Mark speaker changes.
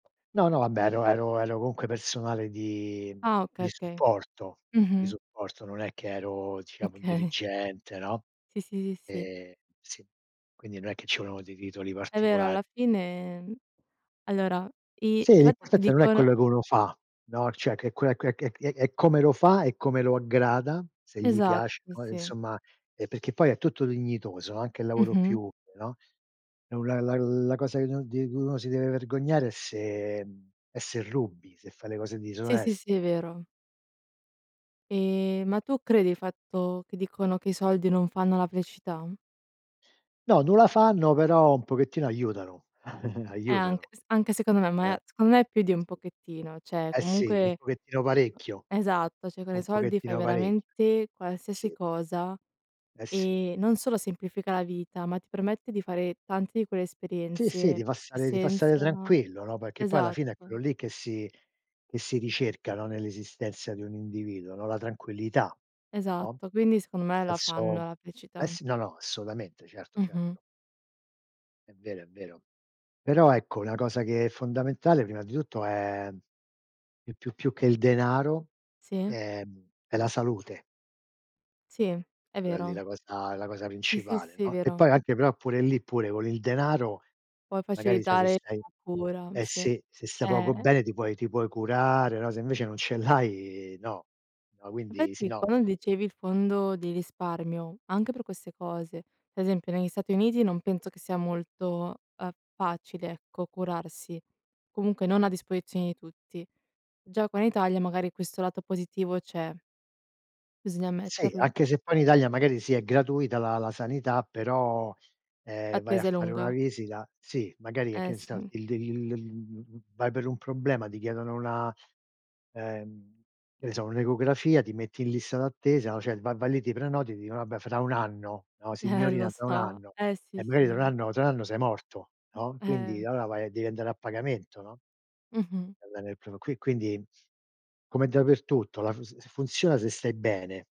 Speaker 1: No, no, vabbè ero ero ero comunque personale di
Speaker 2: Ah okay,
Speaker 1: di
Speaker 2: okay.
Speaker 1: supporto, di
Speaker 2: Mh-mh.
Speaker 1: supporto. Non è che ero diciamo
Speaker 2: Okay.
Speaker 1: dirigente, no,
Speaker 2: Sì, sì, sì, sì.
Speaker 1: ehm, sì, quindi no è che ci volevano dei titoli
Speaker 2: È vero, alla
Speaker 1: particolari.
Speaker 2: fine allora, il
Speaker 1: Sì,
Speaker 2: fatto che
Speaker 1: l'importante non è quello
Speaker 2: dicono
Speaker 1: che uno fa, no, cioè che è quella que è è è come lo fa, e come lo aggrada, se gli
Speaker 2: Esatto,
Speaker 1: piace, no, e
Speaker 2: sì.
Speaker 1: insomma, ehm, perché poi è tutto dignitoso, anche il lavoro più
Speaker 2: Mh-mh.
Speaker 1: umile, no, è un la la la cosa che uno di uno si deve vergognare è se, ehm, è se rubi, se fai le cose di
Speaker 2: Sì, sì,
Speaker 1: disonest
Speaker 2: sì, vero. Ehm, ma tu credi il fatto che dicono che i soldi non fanno la felicità?
Speaker 1: No, non la fanno, però un pochettino aiutano,
Speaker 2: Eh anche
Speaker 1: aiutano.
Speaker 2: s anche secondo me, ma
Speaker 1: Eh.
Speaker 2: secondo me più
Speaker 1: Eh
Speaker 2: di un
Speaker 1: sì.
Speaker 2: pochettino, cioè
Speaker 1: Eh sì, un
Speaker 2: comunque
Speaker 1: pochettino parecchio,
Speaker 2: esatto, cioè con i
Speaker 1: un
Speaker 2: soldi fai
Speaker 1: pochettino parecchio
Speaker 2: veramente
Speaker 1: sì.
Speaker 2: qualsiasi
Speaker 1: Sì.
Speaker 2: cosa,
Speaker 1: Eh sì.
Speaker 2: e non solo semplifica la vita, ma ti permette di fare tante di quelle
Speaker 1: Sì, sì, ti
Speaker 2: esperienze
Speaker 1: fa
Speaker 2: che
Speaker 1: stare ti fa stare
Speaker 2: senza
Speaker 1: tranquillo, no, perché poi alla fine è quello
Speaker 2: esatto.
Speaker 1: lì che si che si ricerca, no, nell'esistenza di un individuo, no, la tranquillità, no,
Speaker 2: Esatto, quindi secondo me la fanno
Speaker 1: senso
Speaker 2: la
Speaker 1: eh
Speaker 2: felicità.
Speaker 1: s no, no, assolutamente, certo,
Speaker 2: Mh-mh.
Speaker 1: certo. È vero, è vero. Però ecco, una cosa che è fondamentale, prima di tutto è, più più più che il denaro,
Speaker 2: Sì.
Speaker 1: ehm, è la salute.
Speaker 2: Sì, è
Speaker 1: Quella lì
Speaker 2: vero.
Speaker 1: la cosa è la cosa
Speaker 2: Sì, sì,
Speaker 1: principale,
Speaker 2: sì,
Speaker 1: no, e
Speaker 2: vero.
Speaker 1: poi anche però pure lì, pure con il denaro
Speaker 2: Puoi
Speaker 1: magari, sai, se
Speaker 2: facilitare
Speaker 1: stai
Speaker 2: la cura,
Speaker 1: eh
Speaker 2: sì.
Speaker 1: sì, se stai poco
Speaker 2: Eh!
Speaker 1: bene ti puoi ti puoi curare, no, se invece non ce l'hai, no. No, quindi sì,
Speaker 2: Infatti,
Speaker 1: no.
Speaker 2: quando dicevi il fondo di risparmio, anche per queste cose, esempio negli Stati Uniti non penso che sia molto, ehm, facile, ecco, curarsi. Comunque non a disposizione di tutti. Già qua in Italia magari questo lato positivo c'è. Bisogna
Speaker 1: Sì,
Speaker 2: ammetterlo.
Speaker 1: anche se poi in Italia magari sì, è gratuita la la sanità, però, ehm, vai a
Speaker 2: L'attesa è
Speaker 1: fare una
Speaker 2: lunga.
Speaker 1: visita sì, magari e che
Speaker 2: Eh
Speaker 1: n sta,
Speaker 2: sì.
Speaker 1: il il il l mhmm, vai per un problema, ti chiedono una, ehm, che ne so, un'ecografia, ti metti in lista d'attesa, no, cioè, vai vai lì, ti prenoti e ti dicono: "Vabbè, fra 1 anno", no,
Speaker 2: Eh, lo
Speaker 1: "Signorina, tra 1
Speaker 2: so.
Speaker 1: anno".
Speaker 2: Eh, sì
Speaker 1: E magari tra 1
Speaker 2: sì.
Speaker 1: anno tra 1 anno sei morto, no, quindi
Speaker 2: Eh.
Speaker 1: allora vai a devi andare a pagamento, no?
Speaker 2: Mh-mh.
Speaker 1: Va bene e pro qui quindi come dappertutto, la f s funziona se stai bene.